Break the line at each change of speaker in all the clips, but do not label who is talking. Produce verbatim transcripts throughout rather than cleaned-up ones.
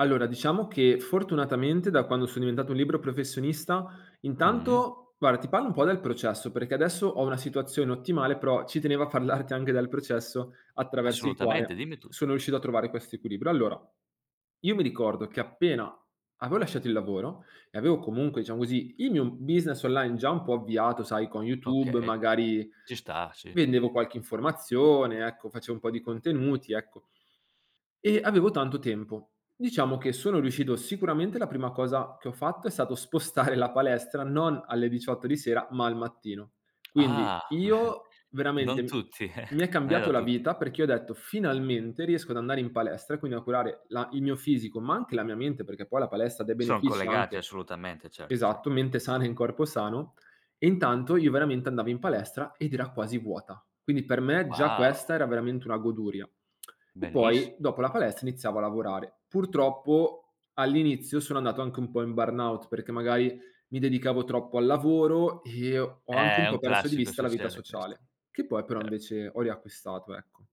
Allora, diciamo, che fortunatamente, da quando so diventato un libero professionista,
Mh.
intanto guarda, ti parlo un po' del processo, perché adesso ho una situazione ottimale, però ci tenevo a parlarti anche del processo, attraverso il
Assolutamente
quale
dimmi tutto.
sono riuscito a trovare quest'equilibrio. Allora, io mi ricordo, che appena aveo lasciato il lavoro e aveo, comunque, ciamo, così il mio business online, già un po' avviato, sai, con YouTube
Okay,
magari
ci sta, sì.
vendevo qualche informazione, ecco, faceo un po' di contenuti, ecco. E avevo tanto tempo. Diciamo che, sono riuscito sicuramente, la prima cosa che ho fatto, è stato spostare la palestra, non alle diciotto di sera, ma al mattino.
Ah
Quindi
beh,
io
non
veramente
tutti
mi è
non è da
cambiato la
tutti.
vita, perché ho detto: "Finalmente riesco ad andare in palestra e quindi a curare la il mio fisico, ma anche la mia mente." Perché poi la palestra, ha dei
Son
benefici
collegati,
anche
assolutamente, certo, ce
esatto, mente sana in corpo sano, e intanto, io veramente andavo in palestra ed era quasi vuota. Quindi per me, già
Wow.
questa era veramente una goduria. E
Benis
poi dopo la palestra, iniziavo a lavorare. Purtroppo all'inizio, sono andato anche un po' in burnout, perché magari mi dedicavo troppo al lavoro e ho anche
Eh,
un
è
po'
un
perso di
classico.
vista la vita
Succede questo.
sociale, che poi però
Cer
invece ho riacquistato, ecco.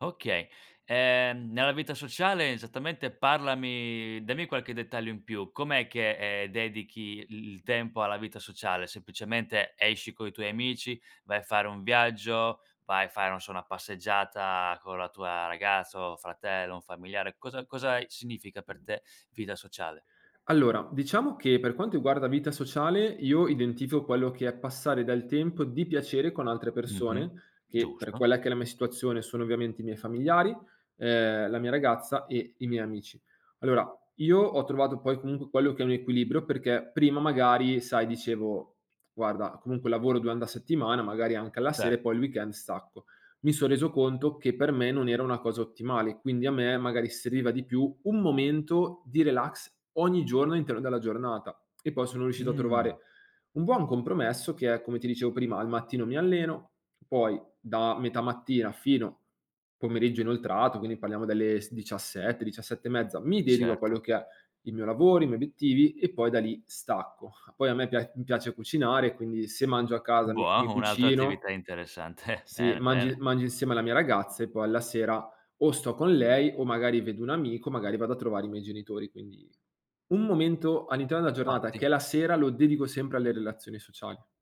Okay. Ehm, nella vita sociale, esattamente, parlami dammi qualche dettaglio in più. Com'è che, ehm, dedichi i il tempo alla vita sociale? Semplicemente esci coi tuoi amici, vai a fare un viaggio, vai a fare, non so, una passeggiata con la tua ragazza o fratello, un familiare. Cosa cosa a significa per te vita sociale?
Allora, diciamo, che per quanto iguarda vita sociale, io identifico quello che è passare del tempo di piacere con altre
Mh-mh.
persone che per
Giusto.
quella che è la mia situazione, sono ovviamente i miei familiari, ehm, la mia ragazza e i miei amici. Allora, io ho trovato poi comunque, quello che è un equilibrio, perché prima magari, sai, dicevo: "Guarda, comunque lavoro duande la settimana, magari anche alla sera e poi
Certo.
il weekend stacco." due mi son reso conto, che per me non era una cosa ottimale, quindi, a me magari seviva di più un momento di relax ogni giorno, interno della giornata e poi sono riuscito a trovare
Mh.
un buon compromesso che è, come ti dicevo prima, al mattino mi alleno, poi da metà mattina, fino pomeriggio inoltrato, quindi parliamo delle s diciassette diciassette e mezza, mi dedico a
Certo.
quello che è il mio lavoro, i miei obiettivi e poi da lì stacco. Poi a me pia mi piace cucinare, quindi se mangio a casa, mi mi
un'altra
cucino.
attività interessante.
Sì.
Bene,
Mangi
bene.
mangio insieme alla mia ragazza e poi alla sera, o sto con lei o magari vedo un amico, magari vado a trovare i miei genitori, quindi un momento all'interno della giornata,
Ottim
che è la sera, lo dedico sempre alle relazioni sociali.